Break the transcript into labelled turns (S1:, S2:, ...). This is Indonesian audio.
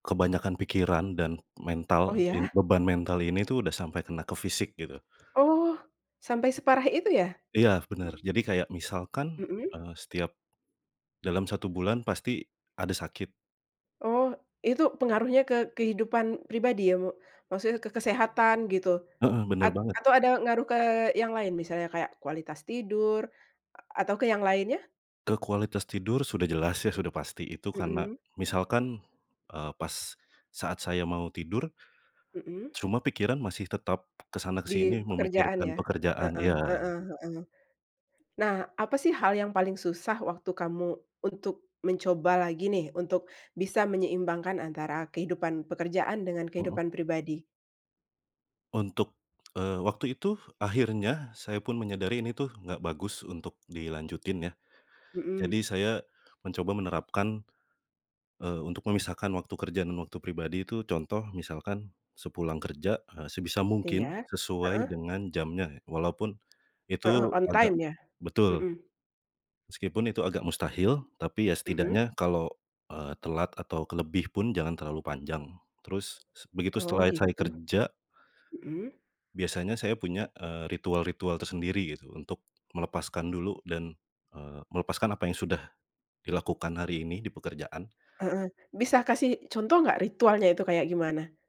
S1: Kebanyakan pikiran dan
S2: Oh,
S1: mental, in
S2: ya?
S1: beban mental ini tuh udah sampai kena ke fisik gitu.
S2: Oh, sampai separah itu ya?
S1: Iya, benar, jadi kayak misalkan,
S2: Mhm.
S1: eee, setiap dalam 1 bulan pasti ada sakit.
S2: Oh. Itu pengaruhnya ke kehidupan pribadi ya mo maksudnya ke kesehatan gitu?
S1: Heeh, benar
S2: At
S1: banget.
S2: atau ada ngaruh ke yang lain misalnya kayak kualitas tidur a atau ke yang lainnya?
S1: Ke kualitas tidur sudah jelas ya sudah pasti itu karena
S2: Mhm.
S1: misalkan, eee, pas saat saya mau tidur
S2: Mhm.
S1: cuma pikiran masih tetap ke sana ke
S2: Di
S1: sini
S2: pekerjaan
S1: memikirkan
S2: ya?
S1: pekerjaan
S2: Heeh
S1: iya.
S2: heeh heeh. Nah, apa sih, hal yang paling susah waktu kamu untuk mencoba lagi nih, untuk bisa menyeimbangkan antara kehidupan pekerjaan dengan
S1: Mhm.
S2: kehidupan pribadi?
S1: Untuk, eee, waktu itu akhirnya, saya pun menyadari ini tuh, nggak bagus untuk dilanjutin ya, jadi
S2: Mhm.
S1: saya mencoba menerapkan, eee, untuk memisahkan waktu kerja dan waktu pribadi itu, contoh misalkan sepulang kerja, eee, sebisa mungkin
S2: Iya,
S1: sesuai
S2: heeh.
S1: dengan jamnya, walaupun
S2: Heeh,
S1: itu
S2: on time
S1: agak
S2: ya?
S1: betul.
S2: Mhm.
S1: Meskipun itu agak mustahil, tapi ya
S2: Mhm.
S1: setidaknya kalau, eee, telat atau kelebih pun jangan terlalu panjang. Terus se begitu
S2: Oh,
S1: setelah saya
S2: gitu.
S1: kerja
S2: Mhm.
S1: biasanya saya punya, eee, ritual-ritual tersendiri gitu, untuk melepaskan dulu dan, eee, melepaskan apa yang sudah dilakukan hari ini di pekerjaan.
S2: Heeh. Bisa kasih contoh nggak ritualnya itu kayak gimana?